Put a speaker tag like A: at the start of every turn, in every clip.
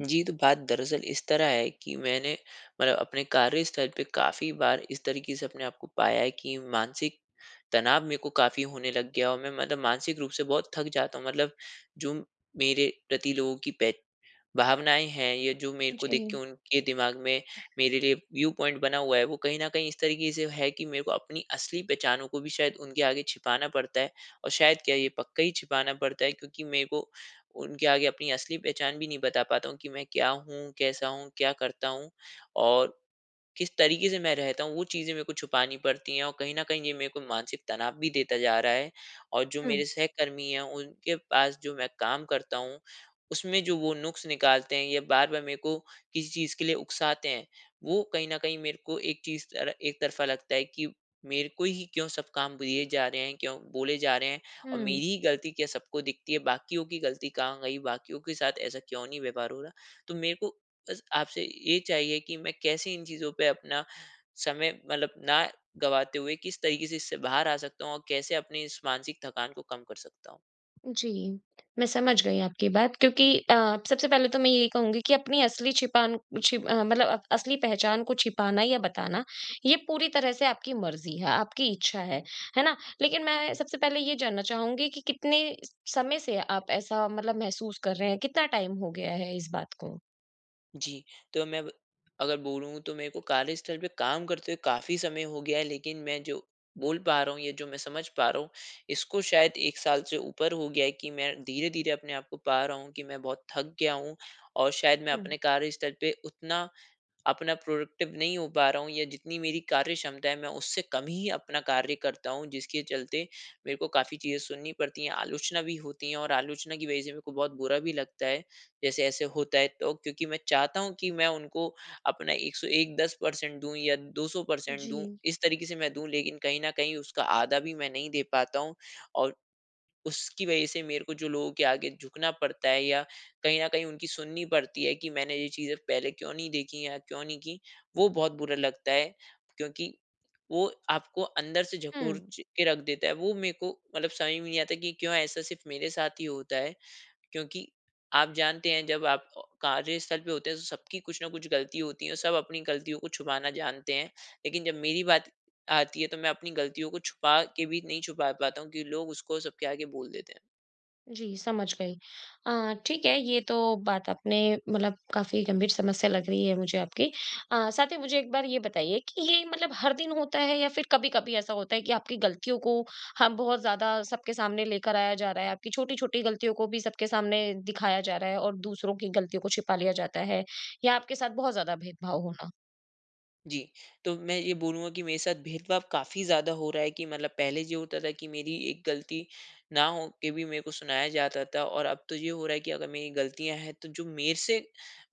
A: जी, तो बात दरअसल इस तरह है कि मैंने मतलब अपने कार्यस्थल पे काफ़ी बार, इस तरीके से अपने आप को पाया है कि मानसिक तनाव मेरे को काफ़ी होने लग गया और मैं मतलब मानसिक रूप से बहुत थक जाता हूँ। मतलब जो मेरे प्रति लोगों की बे भावनाएँ हैं या जो मेरे को देख के
B: जी।
A: उनके दिमाग में मेरे लिए व्यू पॉइंट बना हुआ है, वो कहीं न कहीं इस तरीके से है कि मेरे को अपनी असली पहचानों को भी शायद उनके आगे छिपाना पड़ता है और शायद क्या, ये पक्का ही छिपाना पड़ता है, क्योंकि मेरे को उनके आगे अपनी असली पहचान भी नहीं बता पाता हूँ कि मैं क्या हूँ, कैसा हूँ, क्या करता हूँ और किस तरीके से मैं रहता हूँ। वो चीज़ें मेरे को छुपानी पड़ती हैं और कहीं न कहीं ये मेरे को मानसिक तनाव भी देता जा रहा है और जो
B: हुँ।
A: मेरे सहकर्मी हैं, उनके पास जो मैं काम करता हूँ, उसमें जो वो नुक्स निकालते हैं या बार-बार मेरे को किसी चीज़ के लिए उकसाते हैं, वो कहीं न कहीं मेरे को एक चीज़ तरह एक तरफा लगता है कि, "मेरे को ही क्यों सब काम दिए जा रहे हैं? क्यों बोले जा रहे हैं? और मेरी
B: हुँ।
A: ही गलती क्या सबको दिखती है, बाकियों की गलती कहाँ गई? बाकियों के साथ ऐसा क्यों नहीं व्यवहार हो रहा?" तो मेरे को बस आपसे ये चाहिए कि मैं कैसे इन चीज़ों पे अपना समय मतलब ना गंवाते हुए, किस तरीके से इससे बाहर आ सकता हूँ और कैसे अपने इस मानसिक थकान को कम कर सकता हूँ?
B: जी, मैं समझ गई आपकी बात क्योंकि अ, सबसे पहले तो मैं यही कहूँगी कि अपनी असली छिपान छि अ, मतलब अब असली पहचान को छिपाना या बताना, ये पूरी तरह से आपकी मर्ज़ी है, आपकी इच्छा है। है ना? लेकिन मैं सबसे पहले ये जानना चाहूँगी कि कितने समय से आप ऐसा मतलब महसूस कर रहे हैं? कितना टाइम हो गया है इस बात को?
A: जी, तो मैं ब अगर बोलूँ तो मेरे को कार्यस्थल पे काम करते हुए काफ़ी समय हो गया है। लेकिन, मैं जो बोल पा रहा हूँ, या जो मैं समझ पा रहा हूँ इसको शायद 1 साल से ऊपर हो गया है कि मैं धीरे-धीरे अपने आप को पा रहा हूँ कि मैं बहुत थक गया हूँ। और शायद मैं
B: हुँ।
A: अपने कार्यस्थल पे उतना अपना प्रोडक्टिव नहीं हो पा रहा हूँ या जितनी मेरी कार्य क्षमता है मैं उससे कम ही अपना कार्य करता हूँ जिसके चलते मेरे को काफ़ी चीजें सुननी पड़ती हैं, आलोचना भी होती है। और आलोचना की वजह से मेरे को बहुत बुरा भी लगता है। जैसे ऐसे होता है तो क्योंकि मैं चाहता हूँ कि मैं उनको अपना 101, 10% परसेंट दूँ या 200% परसेंट दूँ
B: जी।
A: इस तरीके से मैं दूँ लेकिन कहीं न कहीं उसका आधा भी मैं नहीं दे पाता हूँ। और उसकी वजह से मेरे को जो लोगों के आगे झुकना पड़ता है, या कहीं न कहीं उनकी सुननी पड़ती है कि मैंने ये चीज़ें पहले क्यों नहीं देखी या क्यों नहीं की वो बहुत बुरा लगता है। क्योंकि वो आपको अंदर से झकोर
B: हुँ।
A: ज के रख देता है वो मेरे को मतलब समझ में नहीं आता कि क्यों ऐसा सिर्फ़ मेरे साथ ही होता है। क्योंकि आप जानते हैं जब आप ओ कार्यस्थल पे होते हैं तो सबकी कुछ ना कुछ गलती होती है सब अपनी गलतियों को छुपाना जानते हैं। लेकिन जब मेरी बात आती है तो मैं अपनी गलतियों को छुपा के भी नहीं छुपा पाता हूँ क्योंकि लोग उसको सब आगे बोल देते हैं।
B: जी, समझ गई। अ, ठीक है, ये तो बात आपने मतलब काफ़ी गंभीर समस्या लग रही है मुझे आपकी। अ, साथ ही मुझे एक बार ये बताइए कि ये मतलब हर दिन होता है या फिर कभी-कभी ऐसा होता है कि आपकी गलतियों को हम बहुत ज़्यादा सबके सामने लेकर आया जा रहा है, आपकी छोटी-छोटी गलतियों को भी सबके सामने दिखाया जा रहा है और दूसरों की गलतियों को छिपा लिया जाता है या आपके साथ बहुत ज़्यादा भेदभाव होना?
A: जी, तो मैं ये बोलूँगा कि मेरे साथ भेदभाव काफ़ी ज़्यादा हो रहा है कि मतलब पहले ये होता था कि मेरी एक गलती ना होके भी मेरे को सुनाया जाता था और अब तो ये हो रहा है कि अगर मेरी गलतियाँ हैं, तो जो मेरे से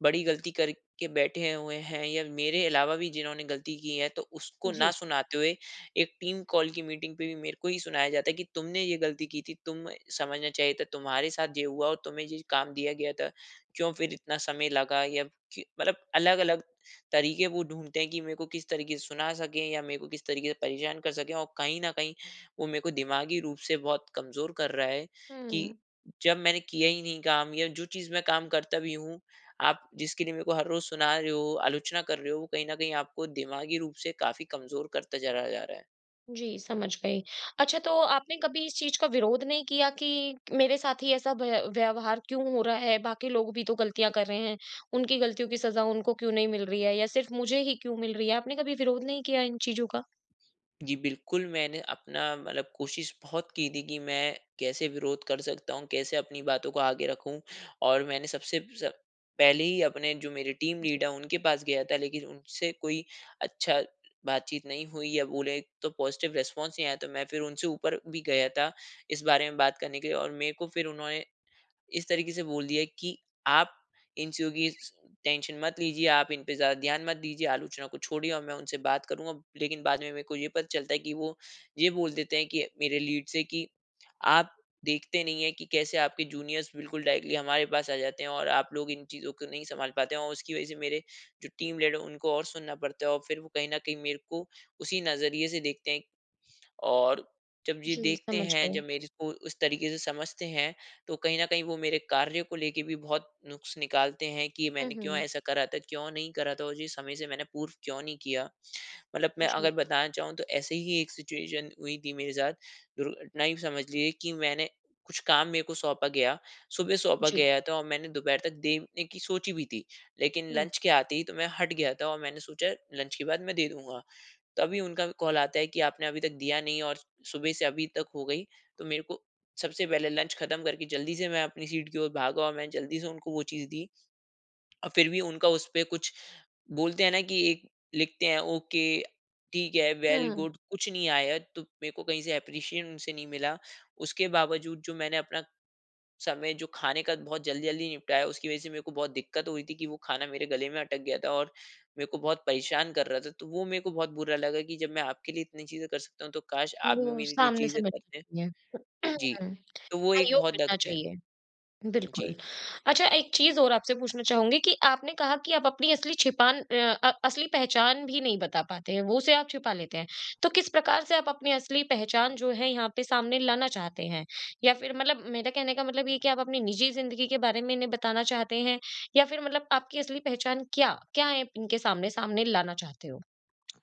A: बड़ी गलती करके बैठे हुए हैं या मेरे अलावा भी जिन्होंने गलती की है, तो उसको ना
B: जी।
A: सुनाते हुए, एक टीम कॉल की मीटिंग पे भी मेरे को ही सुनाया जाता है कि, "तुमने ये गलती की थी, तुम्हें समझना चाहिए था। तुम्हारे साथ ये हुआ और तुम्हें ये काम दिया गया था, क्यों फिर इतना समय लगा? या क्य" मतलब अलग-अलग तरीके वो ढूँढते हैं कि मेरे को किस तरीके से सुना सकें या मेरे को किस तरीके से परेशान कर सकें और कहीं न कहीं, वो मेरे को दिमागी रूप से बहुत कमज़ोर कर रहा है कि
B: हुँ।
A: जब मैंने किया ही नहीं काम या जो चीज़ मैं काम करता भी हूँ, आप जिसके लिए मेरे को हर रोज़ सुना रहे हो, आलोचना कर रहे हो, वो कहीं न कहीं आपको दिमागी रूप से काफ़ी कमज़ोर करता चला जा रहा है।
B: जी, समझ गई। अच्छा तो आपने कभी इस चीज़ का विरोध नहीं किया कि मेरे साथ ही ऐसा व्य व्यवहार क्यों हो रहा है, बाकी लोग भी तो गलतियाँ कर रहे हैं, उनकी गलतियों की सज़ा उनको क्यों नहीं मिल रही है या सिर्फ़ मुझे ही क्यों मिल रही है? आपने कभी विरोध नहीं किया इन चीज़ों का?
A: जी, बिल्कुल। मैंने अपना मतलब कोशिश बहुत की थी कि मैं कैसे विरोध कर सकता हूँ, कैसे अपनी बातों को आगे रखूँ और मैंने सबसे सब पहले ही अपने जो मेरे टीम
B: जी।
A: लीडर उनके पास गया था। लेकिन उनसे कोई अच्छा बातचीत नहीं हुई या बोले तो पॉजिटिव रिस्पॉन्स नहीं आया, तो मैं फिर उनसे ऊपर भी गया था इस बारे में बात करने के लिए और मेरे को फिर उन्होंने इस तरीके से बोल दिया कि आप इन चीज़ों की स स टेंशन मत लीजिए, आप इन पे ज़्यादा ध्यान मत दीजिए, आलोचना को छोड़िए और मैं उनसे बात करूँगा। लेकिन बाद में मेरे को ये पता चलता है कि वो ये बोल देते हैं कि मेरे लीड से कि, "आप देखते नहीं है कि कैसे आपके जूनियर्स बिल्कुल डायरेक्टली हमारे पास आ जाते हैं और आप लोग इन चीज़ों को नहीं सँभाल पाते हैं और उसकी वजह से मेरे जो टीम लीडर उनको और सुनना पड़ता है और फिर वो कहीं न कहीं मेरे को उसी नज़रिए से देखते हैं। और जब ये
B: जी,
A: देखते
B: समझ
A: हैं, जब
B: गई।
A: मेरे को उस तरीके से समझते हैं तो कहीं न कहीं वो मेरे कार्य को लेके भी बहुत नुक्स निकालते हैं कि
B: हुँ,
A: मैंने क्यों
B: हुँ।
A: ऐसा करा था? क्यों नहीं करा था और ये समय से मैंने पूर्व क्यों नहीं किया?" मतलब मैं अगर
B: जी।
A: बताना चाहूँ तो ऐसे ही एक सिचुएशन हुई थी मेरे साथ, दुर्घटना ही समझ लीजिए कि मैंने कुछ काम मेरे को सौंपा गया, सुबह सौंपा
B: जी।
A: गया था और मैंने दोपहर तक देने कि सोची भी थी, लेकिन
B: हुँ।
A: लंच के आते ही तो मैं हट गया था औ मैंने सोचा लंच के बाद मैं दे दूँगा। तभी उनका कॉल आता है कि आपने अभी तक दिया नहीं और सुबह से अभी तक हो गई तो मेरे को सबसे पहले लंच ख़त्म करके जल्दी से मैं अपनी सीट की ओर भागा और मैं जल्दी से उनको वो चीज़ दी। और फिर भी उनका उसपे कुछ बोलते हैं ना कि एक लिखते हैं ओके, ठीक है,
B: हुँ,
A: वेल
B: हुँ।
A: गुड कुछ नहीं आया तो मेरे को कहीं से एप्रीशिएशन उनसे नहीं मिला। उसके बावजूद जो मैंने अपना, समय जो खाने का बहुत जल्दी-जल्दी निपटाया उसकी वजह से मेरे को बहुत दिक्कत हुई थी कि वो खाना मेरे गले में अटक गया था और मेरे को बहुत परेशान कर रहा था। तो वो मेरे को बहुत बुरा लगा कि जब मैं आपके लिए इतनी चीज़ें कर सकता हूँ तो काश आप भी
B: वो
A: मेरे लिए
B: सामने से
A: चीज़ें करते।
B: मिलना चाहिए
A: जी, तो वो एक
B: सहयोग
A: बहुत
B: मिलना
A: दिक्कत है।
B: चाहिए।
A: जी।
B: बिल्कुल। अच्छा एक चीज़ और आपसे पूछना चाहूँगी कि आपने कहा कि आप अपनी असली छिपान अ अ, असली पहचान भी नहीं बता पाते हैं वो उसे आप छिपा लेते हैं। तो किस प्रकार से आप अपनी असली पहचान जो है यहाँ पे सामने लाना चाहते हैं? या फिर मतलब मेरा कहने का मतलब ये है कि आप अपनी निजी ज़िंदगी के बारे में इन्हें बताना चाहते हैं या फिर मतलब आपकी असली पहचान क्या? क्या है, इनके सामने, सामने लाना चाहते हो?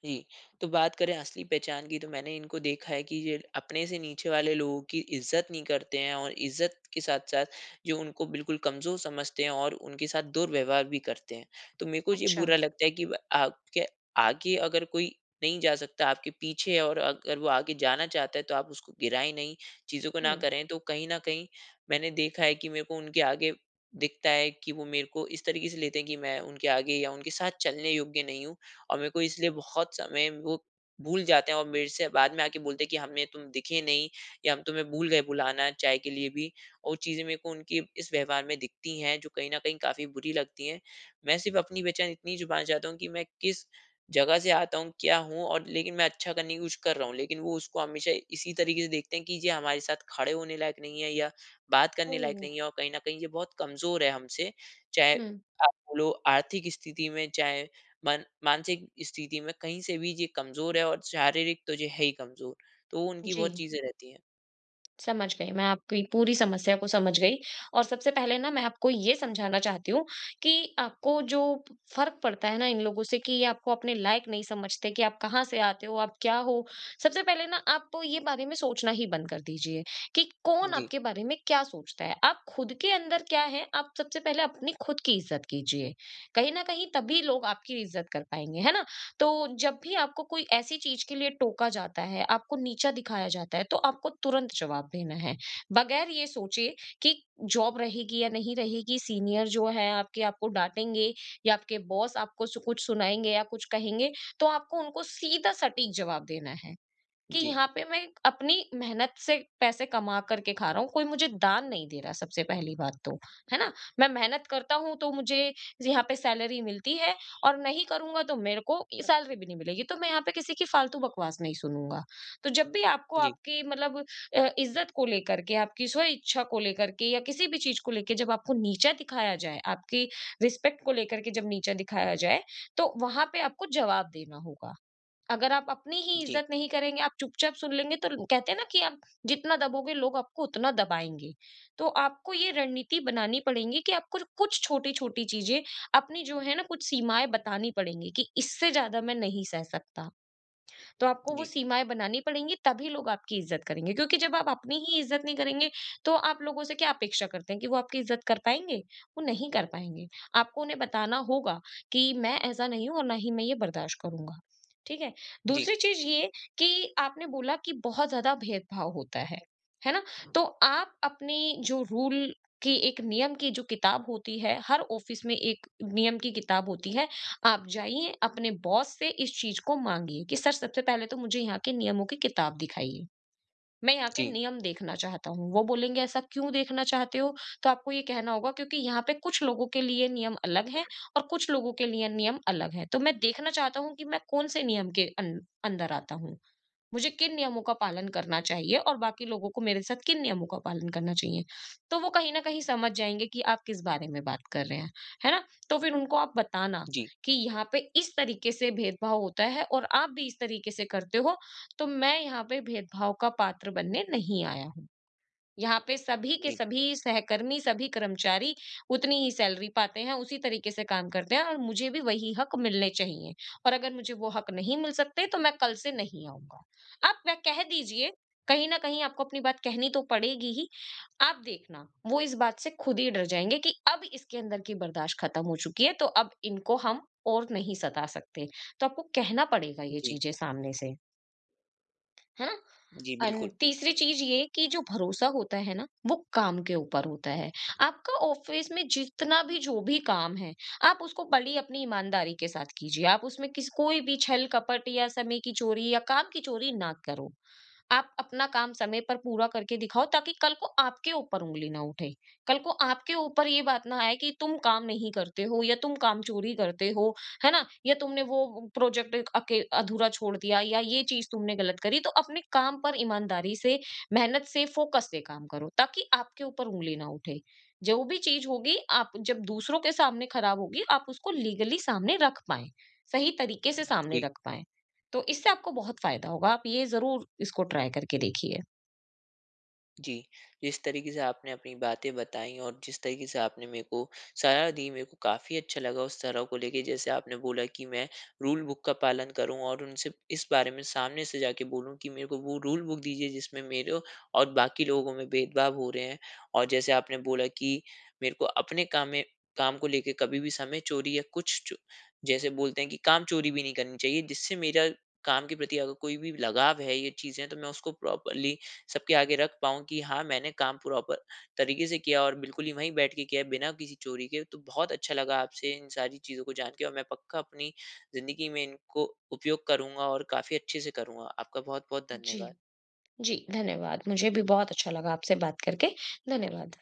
A: जी, तो बात करें असली पहचान की तो मैंने इनको देखा है कि ये अपने से नीचे वाले लोगों की इज़्ज़त नहीं करते हैं और इज़्ज़त के साथ-साथ जो उनको बिल्कुल कमज़ोर समझते हैं और उनके साथ दुर्व्यवहार भी करते हैं। तो मेरे को ये
B: अच्छा।
A: बुरा लगता है कि व आपके आगे अगर कोई नहीं जा सकता, आपके पीछे है और अगर वो आगे जाना चाहता है तो आप उसको गिराए नहीं चीज़ों को ना
B: हुँ।
A: करें। तो कहीं न कहीं मैंने देखा है कि मेरे को उनके आगे दिखता है कि वो मेरे को इस तरीके से लेते हैं कि मैं उनके आगे या उनके साथ चलने योग्य नहीं हूँ। और मेरे को इसलिए बहुत समय वो भूल जाते हैं और मेरे से बाद में आके बोलते हैं कि हमें तुम दिखे नहीं या हम तुम्हें भूल गए बुलाना चाय के लिए भी। और चीज़ें मेरे को उनकी इस व्यवहार में दिखती हैं जो कहीं न कहीं काफ़ी बुरी लगती है। मैं सिर्फ़ अपनी पहचान इतनी छुपाना चाहती हूँ कि मैं किस जगह से आता हूँ, क्या हूँ और लेकिन मैं अच्छा करने की कोशिश कर रहा हूँ। लेकिन वो उसको हमेशा इसी तरीके से देखते हैं कि ये हमारे साथ खड़े होने लायक नहीं है या बात करने
B: हुँ,
A: लायक
B: हुँ।
A: नहीं है और कहीं न कहीं ये बहुत कमज़ोर है हमसे। चाहे
B: हुँ।
A: आप बोलो आर्थिक स्थिति में चाहे मन मानसिक स्थिति में कहीं से भी ये कमज़ोर है और शारीरिक तो है ही कमज़ोर। तो वो उनकी बहुत
B: जी।
A: चीज़ें रहती हैं।
B: समझ गई, मैं आपकी पूरी समस्या को समझ गई और सबसे पहले ना मैं आपको ये समझाना चाहती हूँ, कि आपको जो फ़र्क पड़ता है ना इन लोगों से कि ये आपको अपने लायक नहीं समझते, कि आप कहाँ से आते हो, आप क्या हो? सबसे पहले ना आप ये बारे में सोचना ही बंद कर दीजिए, कि कौन
A: जी।
B: आपके बारे में क्या सोचता है? आप खुद के अंदर क्या है, आप सबसे पहले अपनी खुद की इज़्ज़त कीजिए। कहीं न कहीं तभी लोग आपकी इज़्ज़त कर पाएँगे, है ना? तो, जब भी आपको कोई ऐसी चीज़ के लिए टोका जाता है, आपको नीचा दिखाया जाता है, तो आपको तुरंत जवाब देना है। बगैर ये सोचे, कि जॉब रहेगी या नहीं रहेगी, सीनियर जो हैं आपके आपको डाँटेंगे या आपके बॉस आपको सु कुछ सुनाएँगे या कुछ कहेंगे, तो आपको उनको सीधा सटीक जवाब देना है। कि
A: जी।
B: यहाँ पे मैं अपनी मेहनत से पैसे कमा कर के खा रहा हूँ, कोई मुझे दान नहीं दे रहा है सबसे पहली बात तो, है ना? मैं मेहनत करता हूँ तो मुझे ज यहाँ पे सैलरी मिलती है और नहीं करूँगा तो मेरे को सैलरी भी नहीं मिलेगी, तो मैं यहाँ पे किसी की फालतू बकवास नहीं सुनूँगा। तो जब भी आपको
A: जी।
B: आपकी मतलब अ, इज़्ज़त को लेकर के, आपकी स्वइच्छा को लेकर के या किसी भी चीज़ को लेके जब आपको नीचा दिखाया जाए, आपकी रिस्पेक्ट को लेकर के जब नीचा दिखाया जाए, तो वहाँ पे आपको जवाब देना होगा। अगर आप अपनी ही
A: जी।
B: इज़्ज़त नहीं करेंगे, आप चुपचाप सुन लेंगे तो ल कहते हैं ना, कि आप जितना दबोगे, लोग आपको उतना दबाएँगे। तो आपको ये रणनीति बनानी पड़ेगी कि आपको र कुछ छोटी-छोटी चीज़ें, अपनी जो है ना कुछ सीमाएँ बतानी पड़ेंगी, कि इससे ज़्यादा मैं नहीं सह सकता। तो आपको वो
A: जी।
B: सीमाएँ बनानी पड़ेंगी तभी लोग आपकी इज़्ज़त करेंगे। क्योंकि जब आप अपनी ही इज़्ज़त नहीं करेंगे, तो आप लोगों से क्या अपेक्षा करते हैं कि वो आपकी इज़्ज़त कर पाएँगे? वो नहीं कर पाएँगे। आपको उन्हें बताना होगा, कि मैं ऐसा नहीं हूँ और ना ही मैं ये बर्दाश्त करूँगा, ठीक है?
A: जी।
B: दूसरी चीज़ ये कि आपने बोला कि बहुत ज़्यादा भेदभाव होता है, है ना? तो आप अपनी जो रूल की एक नियम की जो किताब होती है हर ऑफ़िस में एक नियम की किताब होती है, आप जाइए अपने बॉस से इस चीज़ को माँगिए, कि सर सबसे पहले तो मुझे यहाँ के नियमों की किताब दिखाइए। मैं यहाँ के
A: जी।
B: नियम देखना चाहता हूँ, वो बोलेंगे ऐसा क्यों देखना चाहते हो, तो आपको ये कहना होगा क्योंकि यहाँ पे कुछ लोगों के लिए नियम अलग हैं और कुछ लोगों के लिए नियम अलग हैं, तो मैं देखना चाहता हूँ कि मैं कौन-से नियम के अन अंदर आता हूँ। मुझे किन नियमों का पालन करना चाहिए और बाकी लोगों को मेरे साथ किन नियमों का पालन करना चाहिए, तो वो कहीं न कहीं समझ जाएँगे कि आप किस बारे में बात कर रहे हैं। है ना? तो फिर उनको आप बताना,
A: जी।
B: कि यहाँ पे इस तरीके से भेदभाव होता है और आप भी इस तरीके से करते हो, तो मैं यहाँ पे भेदभाव का पात्र बनने नहीं आया हूँ। यहाँ पे सभी के
A: जी।
B: सभी सहकर्मी, सभी कर्मचारी उतनी ही सैलरी पाते हैं, उसी तरीके से काम करते हैं और मुझे भी वही हक मिलने चाहिए। और अगर मुझे वो हक नहीं मिल सकते, तो मैं कल से नहीं आऊँगा। अब वह कह दीजिए कहीं न कहीं आपको अपनी बात कहनी तो पड़ेगी ही, आप देखना, वो इस बात से खुद ही डर जाएँगे कि अब इसके अंदर की बर्दाश्त ख़त्म हो चुकी है, तो अब इनको हम और नहीं सता सकते, तो आपको कहना पड़ेगा ये
A: जी।
B: चीज़ें सामने से। है ना?
A: जी, बिल्कुल।
B: एंड तीसरी चीज़ ये है कि जो भरोसा होता है ना, वो काम के ऊपर होता है। आपका ऑफिस में जितना भी जो भी काम है, आप उसको बड़ी अपनी ईमानदारी के साथ कीजिए। आप उसमें किस कोई भी छल-कपट या समय की चोरी या काम की चोरी ना करो। आप अपना काम समय पर पूरा करके दिखाओ ताकि कल को आपके ऊपर ऊँगली ना उठे। कल को आपके ऊपर ये बात ना आए कि तुम काम नहीं करते हो या तुम काम चोरी करते हो, है ना? या तुमने वो प्रोजेक्ट अके अधूरा छोड़ दिया या ये चीज़ तुमने गलत करी तो अपने काम पर ईमानदारी से, मेहनत से, फोकस से काम करो ताकि आपके ऊपर ऊँगली ना उठे। जो भी चीज़ होगी, आप जब दूसरों के सामने खराब होगी, आप उसको लीगली सामने रख पाएँ, सही तरीके से सामने
A: जी।
B: रख पाएँ। तो इससे आपको बहुत फ़ायदा होगा, आप ये ज़रूर इसको ट्राई करके देखिए।
A: जी, जिस तरीके से आपने अपनी बातें बताई और जिस तरीके से आपने मेरे को साहारा दी मेरे को काफ़ी अच्छा लगा उस तरह को लेके, जैसे आपने बोला कि मैं रूल बुक का पालन करूँ और उनसे इस बारे में सामने से जाके बोलूँ कि मेरे को वो रूल बुक दीजिए जिसमें मेरे और बाकी लोगों में भेदभाव हो रहे हैं। और जैसे आपने बोला कि मेरे को अपने काम में काम को लेके कभी भी समय चोरी या कुछ च जैसे बोलते हैं कि काम चोरी भी नहीं करनी चाहिए, जिससे मेरा काम के प्रति अगर कोई भी लगाव है ये चीज़ें तो मैं उसको प्रॉपरली सबके आगे रख पाऊँ कि हाँ मैंने काम प्रॉपर तरीके से किया और बिल्कुल ही वहीं बैठ के किया है बिना किसी चोरी के। तो बहुत अच्छा लगा आपसे इन सारी चीज़ों को जान के और मैं पक्का अपनी ज़िंदगी में इनको उपयोग करूँगा और काफ़ी अच्छे से करूँगा। आपका बहुत-बहुत
B: जी।
A: धन्यवाद।
B: जी, धन्यवाद मुझे भी बहुत अच्छा लगा आपसे बात करके। धन्यवाद।